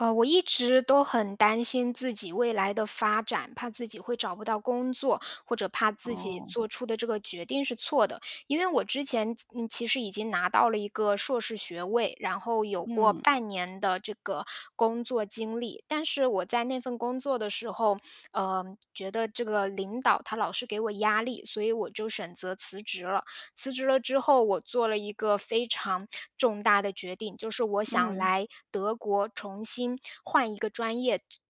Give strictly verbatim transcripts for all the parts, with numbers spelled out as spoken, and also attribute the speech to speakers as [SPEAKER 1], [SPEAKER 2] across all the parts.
[SPEAKER 1] 呃，我一直都很担心自己未来的发展，怕自己会找不到工作，或者怕自己做
[SPEAKER 2] 哦。
[SPEAKER 1] 出的这个决定是错的。因为我之前，其嗯，其实已经拿到了一个硕士学位，然后有过
[SPEAKER 2] 嗯。
[SPEAKER 1] 半年的这个工作经历，但是我在那份工作的时候，呃，觉得这个领导他老是给我压力，所以我就选择辞职了。辞职了之后，我做了一个非常重大的决定，就是我想
[SPEAKER 2] 嗯。
[SPEAKER 1] 来德国重新换一个专业读读本科，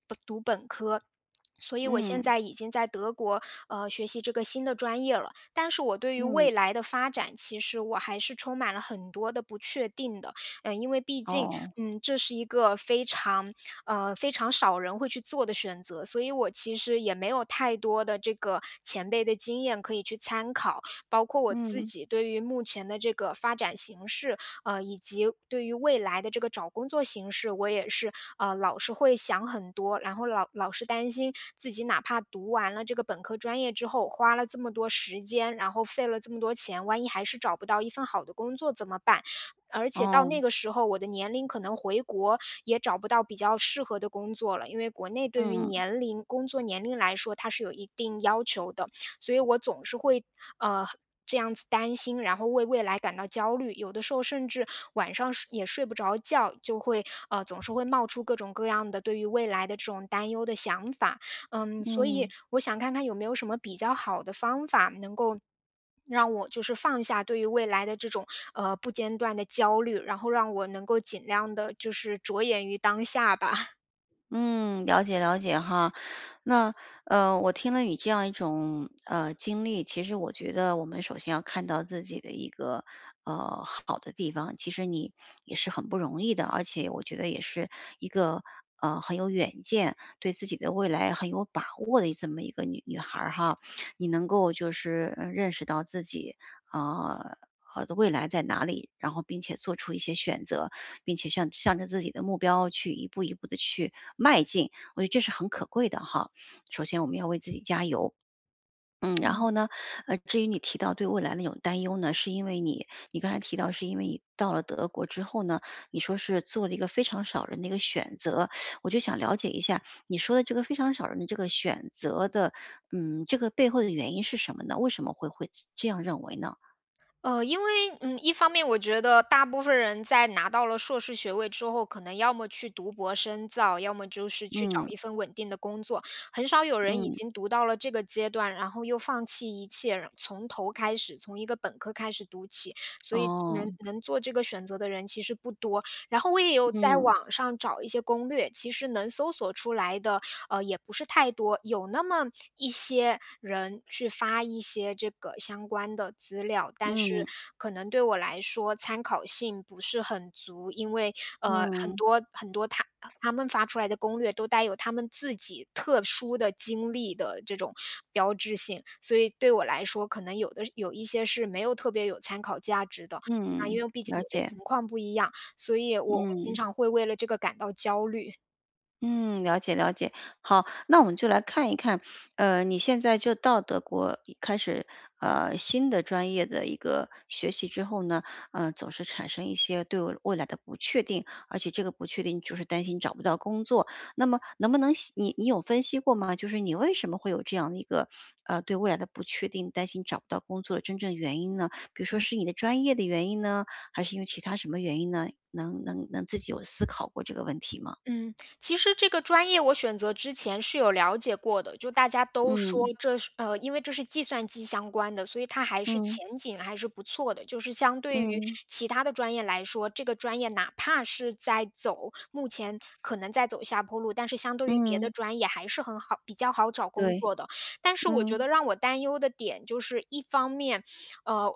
[SPEAKER 1] 所以我现
[SPEAKER 2] 嗯。
[SPEAKER 1] 在已经在德国，呃，学习这个新的专业了，但是我对于未
[SPEAKER 2] 嗯。
[SPEAKER 1] 来的发展，其实我还是充满了很多地不确定的。呃，因为毕竟，
[SPEAKER 2] 哦。
[SPEAKER 1] 嗯，这是一个非常呃，非常少人会去做的选择，所以我其实也没有太多的这个前辈的经验可以去参考，包括我自
[SPEAKER 2] 嗯。
[SPEAKER 1] 己对于目前的这个发展形势，呃，以及对于未来的这个找工作形势，我也是，呃，老是会想很多，然后老老是担心自己哪怕读完了这个本科专业之后，花了这么多时间，然后费了这么多钱，万一还是找不到一份好的工作怎么办，而且到那
[SPEAKER 2] 哦。
[SPEAKER 1] 个时候，我的年龄可能回国也找不到比较适合的工作了，因为国内对于
[SPEAKER 2] 嗯。
[SPEAKER 1] 年龄，工作年龄来说，它是有一定要求的，所以我总是会，呃，这样子担心。然后为未来感到焦虑，有的时候甚至晚上睡也睡不着觉，就会呃，总是会冒出各种各样的对于未来的这种担忧的想法。嗯，所以
[SPEAKER 2] 嗯。
[SPEAKER 1] 我想看看有没有什么比较好的方法能够让我就是放下对于未来的这种，呃，不间断的焦虑，然后让我能够尽量地就是着眼于当下吧。
[SPEAKER 2] 嗯，了解了解哈。那，呃，我听了你这样一种，呃，经历，其实我觉得我们首先要看到自己的一个，呃，好的地方，其实你，也是很不容易的，而且我觉得也是一个，呃，很有远见，对自己的未来很有把握的，这么一个女女孩儿哈。你能够就是，嗯，认识到自己，啊，呃，好的未来在哪里，然后并且做出一些选择，并且向向着自己的目标去一步一步地去迈进，我觉得这是很可贵的哈。首先我们要为自己加油。嗯，然
[SPEAKER 1] 嗯。
[SPEAKER 2] 后呢，呃，至于你提到对未来的一种担忧呢，是因为你你刚才提到是因为你到了德国之后呢，你说是做了一个非常少人的一个选择。我就想了解一下，你说的这个非常少人的这个选择的，嗯，这个背后的原因是什么呢？为什么会会这样认为呢？
[SPEAKER 1] 呃，因为，嗯，一方面我觉得，大部分人在拿到了硕士学位之后，可能要么去读博深造，要么就是去找
[SPEAKER 2] 嗯。
[SPEAKER 1] 一份稳定的工作。很少有人已
[SPEAKER 2] 嗯。
[SPEAKER 1] 经读到了这个阶段，然后又放弃一切，然从头开始从一个本科开始读起，所以能
[SPEAKER 2] 哦。
[SPEAKER 1] 能做这个选择的人其实不多。然后我也有在
[SPEAKER 2] 嗯。
[SPEAKER 1] 网上找一些攻略，其实能搜索出来的，呃，也不是太多，有那么一些人，去发一些这个相关的资料，但是
[SPEAKER 2] 嗯。
[SPEAKER 1] 可能对我来说，参考性不是很足。因为，呃，很
[SPEAKER 2] 嗯。
[SPEAKER 1] 多很多他他们发出来的攻略，都带有他们自己特殊的经历的这种标志性，所以对我来说，可能有的有一些是没有特别有参考价值的。那
[SPEAKER 2] 嗯，
[SPEAKER 1] 因为毕竟
[SPEAKER 2] 了
[SPEAKER 1] 我的情
[SPEAKER 2] 解。
[SPEAKER 1] 况不一样，所以我经
[SPEAKER 2] 嗯。
[SPEAKER 1] 常会为了这个感到焦虑。
[SPEAKER 2] 嗯，了解了解，好。那我们就来看一看，呃，你现在就到德国已开始，呃，新的专业的一个学习之后呢，呃，总是产生一些对未来的不确定，而且这个不确定就是担心找不到工作，那么能不能析你你有分析过吗？就是你为什么会有这样的一个，呃，对未来的不确定，担心找不到工作的真正原因呢？比如
[SPEAKER 1] 嗯
[SPEAKER 2] 说是
[SPEAKER 1] 嗯。
[SPEAKER 2] 你的专业的原因呢，还是因为其它什么原因呢？能能能自己有思考过这个问题吗？
[SPEAKER 1] 嗯，其实这个专业我选择之前是有了解过的。就大家都说
[SPEAKER 2] 嗯。
[SPEAKER 1] 这是呃，因为这是计算机相关的，所以它还是
[SPEAKER 2] 嗯。
[SPEAKER 1] 前景还是不错的，就是相对于
[SPEAKER 2] 嗯。
[SPEAKER 1] 其它的专业来说，这个专业哪怕是在走目前可能在走下坡路，但是相对于别
[SPEAKER 2] 嗯。
[SPEAKER 1] 的专业还是很好比较好找工
[SPEAKER 2] 对，
[SPEAKER 1] 作的。但是我觉
[SPEAKER 2] 嗯。
[SPEAKER 1] 得让我担忧的点就是一方面，呃，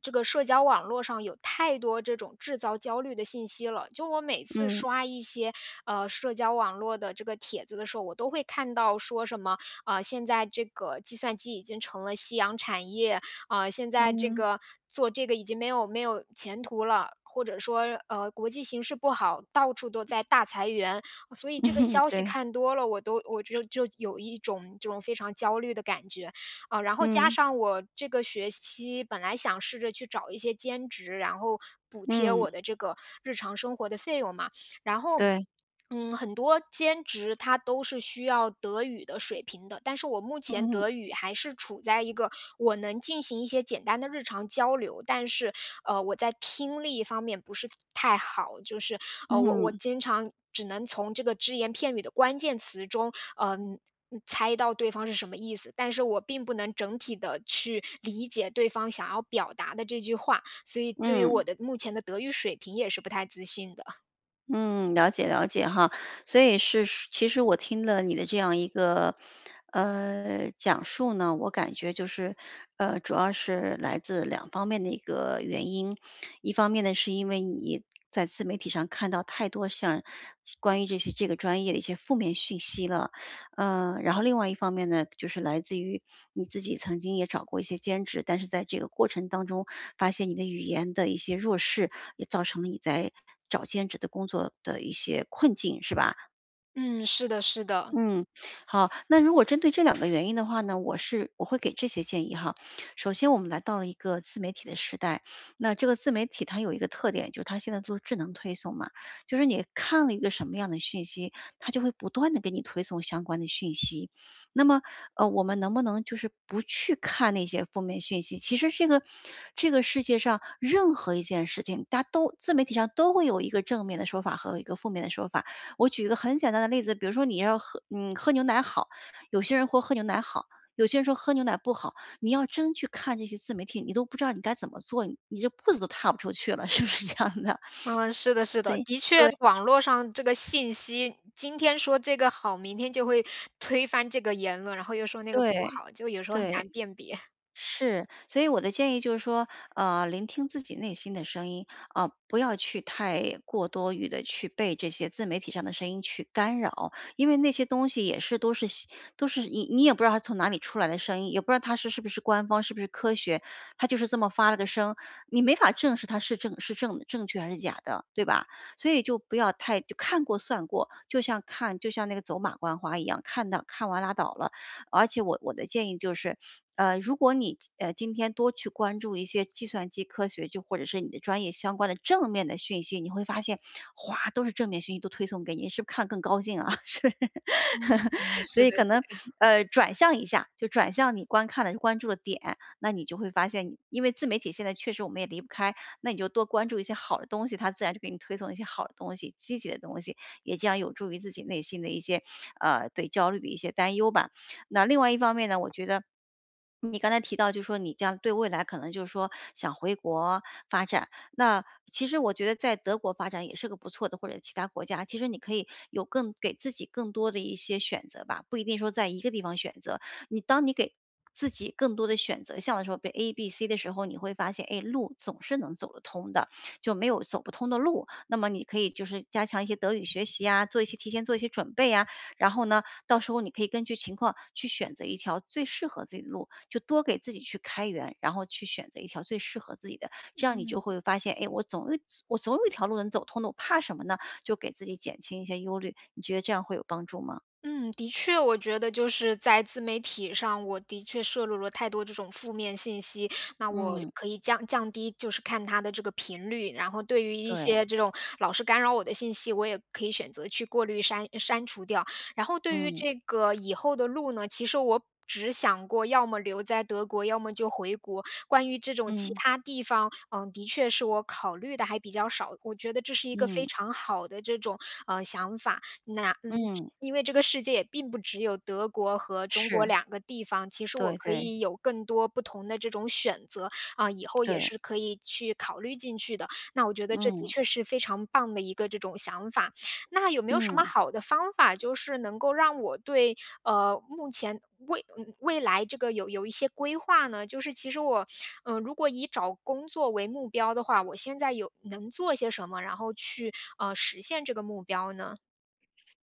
[SPEAKER 1] 这个社交网络上有太多这种制造焦虑的信息了，就我每次
[SPEAKER 2] 嗯。
[SPEAKER 1] 刷一些，呃，社交网络的这个帖子的时候，我都会看到说什么，呃，现在这个计算机已经成了夕阳产业，呃，现在这
[SPEAKER 2] 嗯。
[SPEAKER 1] 个做这个已经没有没有前途了，或者说，呃，国际形势不好，到处都在大裁员。所以这个 消息
[SPEAKER 2] 对。
[SPEAKER 1] 看多了，我都我就就有一种这种非常焦虑的感觉。呃，然后加
[SPEAKER 2] 嗯。
[SPEAKER 1] 上我这个学期本来想试着去找一些兼职，然后补贴
[SPEAKER 2] 嗯。
[SPEAKER 1] 我的这个日常生活的费用嘛，然后，
[SPEAKER 2] 对。
[SPEAKER 1] 嗯，很多兼职它都是需要德语的水平的，但是我目前
[SPEAKER 2] 嗯嗯。
[SPEAKER 1] 德语还是处在一个我能进行一些简单的日常交流，但是，呃，我在听力方面不是太好。就是，呃，我我
[SPEAKER 2] 嗯。
[SPEAKER 1] 经常只能从这个只言片语的关键词中，呃，猜到对方是什么意思，但是我并不能整体地去理解对方想要表达的这句话，所以对于
[SPEAKER 2] 嗯。
[SPEAKER 1] 我的目前的德语水平也是不太自信的。
[SPEAKER 2] 嗯，了解了解哈。所以是其实我听了你的这样一个，呃，讲述呢，我感觉就是，呃，主要是来自两方面的一个原因。一方面呢，是因为你在自媒体上看到太多像关于这些这个专业的一些负面信息了。呃，然后另外一方面呢，就是来自于你自己曾经也找过一些兼职，但是在这个过程当中发现你的语言的一些弱势，也造成了你在找兼职的工作的一些困境，是吧？
[SPEAKER 1] 嗯，是的是的。
[SPEAKER 2] 嗯，好，那如果针对这两个原因的话呢，我是我会给这些建议哈。首先我们来到了一个自媒体的时代，那这个自媒体它有一个特点，就是它现在做智能推送嘛，就是你看了一个什么样的信息，它就会不断地给你推送相关的讯息，那么，呃，我们能不能就是不去看那些负面信息，其实这个这个世界上任何一件事情，大家都自媒体上都会有一个正面的说法和一个负面的说法。我举一个很简单的例子，比如说你要喝你喝牛奶好，有些人豁喝牛奶好，有些人说喝牛奶不好，你要真去看这些自媒体，你都不知道你该怎么做，你就步子都踏不出去了，是不是这样的？
[SPEAKER 1] 嗯，是的是的，
[SPEAKER 2] 对，
[SPEAKER 1] 的确
[SPEAKER 2] 对。
[SPEAKER 1] 网络上这个信息今天说这个好，明天就会推翻这个言论，然后又说那个不
[SPEAKER 2] 对，
[SPEAKER 1] 好，就有时候很难
[SPEAKER 2] 对，
[SPEAKER 1] 辨别。
[SPEAKER 2] 是，所以我的建议就是说，呃，聆听自己内心的声音，啊，不要去太过多于的去被这些自媒体上的声音去干扰，因为那些东西也是都是都是你你也不知道他从哪里出来的声音，也不知道它是是不是官方是不是科学，它就是这么发了个声，你没法证实它是正是正正确还是假的，对吧？所以就不要太看过算过，就像看就像那个走马观花一样，看到看完拉倒了，而且我我的建议就是，呃，如果你，呃，今天多去关注一些计算机科学，就或者是你的专业相关的正面的讯息，你会发现，哇，都是正面信息都推送给你，是不是看了更高兴啊？是，
[SPEAKER 1] 嗯，
[SPEAKER 2] 所
[SPEAKER 1] 是
[SPEAKER 2] 以
[SPEAKER 1] 的
[SPEAKER 2] 可
[SPEAKER 1] 是
[SPEAKER 2] 能，
[SPEAKER 1] 的。
[SPEAKER 2] 呃，转向一下，就转向你观看的关注的点，那你就会发现，因为自媒体现在确实我们也离不开，那你就多关注一些好的东西，它自然就给你推送一些好的东西、积极的东西，也将有助于自己内心的一些，呃，对焦虑的一些担忧吧。那另外一方面呢，我觉得，你刚才提到就说你将对未来可能就是说想回国发展，那其实我觉得在德国发展也是个不错的，或者其它国家，其实你可以有更给自己更多的一些选择吧，不一定说在一个地方选择。你当你给自己更多的选择，像你说背 ABC 的时候，你会发现，哎，路总是能走得通的，就没有走不通的路，那么你可以就是加强一些德语学习呀，做一些提前做一些准备呀。然后呢，到时候你可以根据情况去选择一条最适合自己的路，就多给自己去开源，然后去选择一条最适合自己的，这样你就
[SPEAKER 1] 嗯。
[SPEAKER 2] 会发现，诶？我总我总有一条路能走通的，我怕什么呢？就给自己减轻一些忧虑，你觉得这样会有帮助吗？
[SPEAKER 1] 嗯，的确，我觉得就是在自媒体上，我的确摄入了太多这种负面信息，那我
[SPEAKER 2] 嗯。
[SPEAKER 1] 可以降降低，就是看它的这个频率，然后对于一
[SPEAKER 2] 对。
[SPEAKER 1] 些这种老是干扰我的信息，我也可以选择去过滤删删除掉。然后对于
[SPEAKER 2] 嗯。
[SPEAKER 1] 这个以后的路呢，其实我只想过要么留在德国，要么就回国，关于这种其
[SPEAKER 2] 嗯。
[SPEAKER 1] 它地方，呃，的确是我考虑地还比较少，我觉得这是一个非
[SPEAKER 2] 嗯。
[SPEAKER 1] 常好的这种，呃，想法。那嗯，
[SPEAKER 2] 嗯。
[SPEAKER 1] 因为这个世界也并不只有德国和中国
[SPEAKER 2] 是。
[SPEAKER 1] 两个地方，其实我
[SPEAKER 2] 对
[SPEAKER 1] 可
[SPEAKER 2] 对。
[SPEAKER 1] 以有更多不同的这种选择，啊，以后也
[SPEAKER 2] 对。
[SPEAKER 1] 是可以去考虑进去的，那我觉得这的
[SPEAKER 2] 嗯。
[SPEAKER 1] 确是非常棒的一个这种想法。那有没有什么
[SPEAKER 2] 嗯。
[SPEAKER 1] 好的方法，就是能够让我对，呃，目前未未来这个有有一些规划呢？就是其实我，呃，如果以找工作为目标的话，我现在有能做些什么？然后去，呃，实现这个目标呢？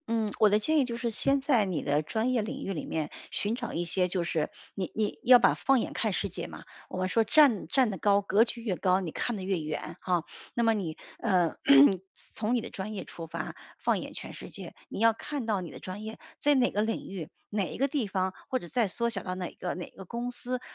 [SPEAKER 2] 嗯，我的建议就是先在你的专业领域里面寻找一些，就是你你要把放眼看世界嘛，我们说站站得高格局越高，你看的越远哈。那么你，呃，从你的专业出发，放眼全世界，你要看到你的专业在哪个领域，哪一个地方或者在缩小到哪个哪个公司是很有价。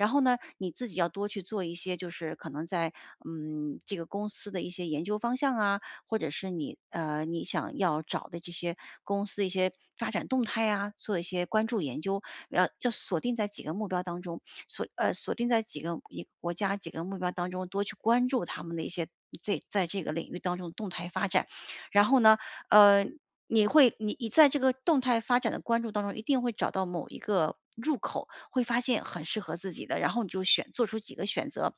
[SPEAKER 2] 然后呢，你自己要多去做一些，就是可能在，嗯，这个公司的一些研究方向啊，或者是你，呃你想要找的这些公司一些发展动态啊，做一些关注研究。要要锁定在几个目标当中，锁呃，锁定在几个一国家几个目标当中，多去关注他们的一些这在这个领域当中的动态发展。然后呢，呃，你会你你在这个动态发展的关注当中，一定会找到某一个入口会发现很适合自己的，然后你就选，做出几个选择。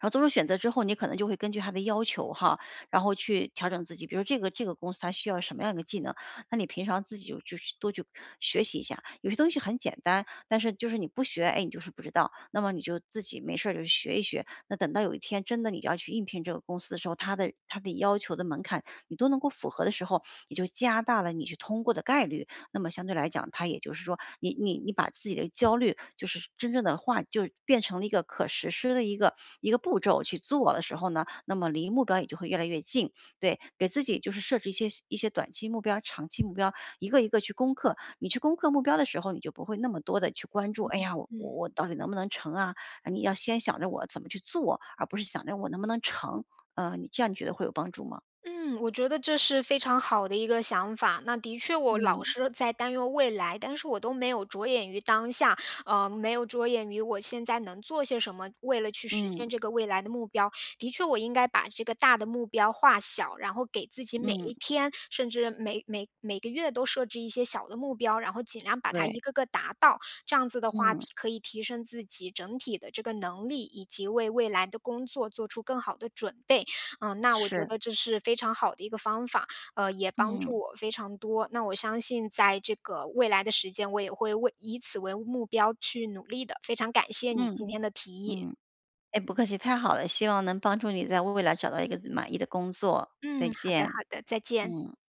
[SPEAKER 2] 然后做出选择之后，你可能就会根据他的要求哈，然后去调整自己，比如这个这个公司它需要什么样的技能，那你平常自己就去多去学习一下，有些东西很简单，但是就是你不学，哎，你就是不知道，那么你就自己没事儿就学一学。那等到有一天真的你要去应聘这个公司的时候，它的的要求的门槛你都能够符合的时候，你就加大了你去通过的概率。那么相对来讲它也就是说，你你你把自己的焦虑就是真正地化就变成了一个可实施的一个一个步骤去做的时候呢，那么离目标也就会越来越近，对，给自己就是设置一些一些短期目标，长期目标一个一个去攻克。你去攻克目标的时候，你就不会那么多地去关注，哎
[SPEAKER 1] 嗯
[SPEAKER 2] 呀，我我
[SPEAKER 1] 嗯。
[SPEAKER 2] 我到底能不能成啊，呃，你要先想着我怎么去做而不是想着我能不能成。呃，你这样你觉得会有帮助吗？
[SPEAKER 1] 嗯，我觉得这是非常好的一个想法。那的确我老
[SPEAKER 2] 嗯。
[SPEAKER 1] 是在担忧未来，但是我都没有着眼于当下，呃，没有着眼于我现在能做些什么，为了去实
[SPEAKER 2] 嗯。
[SPEAKER 1] 现这个未来的目标。的确我应该把这个大的目标化小，然后给自己每
[SPEAKER 2] 嗯。
[SPEAKER 1] 一天甚至每每每个月都设置一些小的目标，然后尽量把它
[SPEAKER 2] 对。
[SPEAKER 1] 一个个达到，这样子的话
[SPEAKER 2] 嗯。
[SPEAKER 1] 提可以提升自己整体的这个能力，以及为未来的工作做出更好的准备。嗯，那我觉
[SPEAKER 2] 是。
[SPEAKER 1] 得这是非常好的一个方法，呃，也帮
[SPEAKER 2] 嗯。
[SPEAKER 1] 助我非常多，那我相信在这个未来的时间，我也会为以此为目标去努力的，非常感谢你今
[SPEAKER 2] 嗯，
[SPEAKER 1] 天的提议。
[SPEAKER 2] 嗯，哎，不客气，太好了。希望能帮助你在为未来找到一个满意的工作。再
[SPEAKER 1] 嗯，好的好
[SPEAKER 2] 见，
[SPEAKER 1] 的，再见。
[SPEAKER 2] 嗯。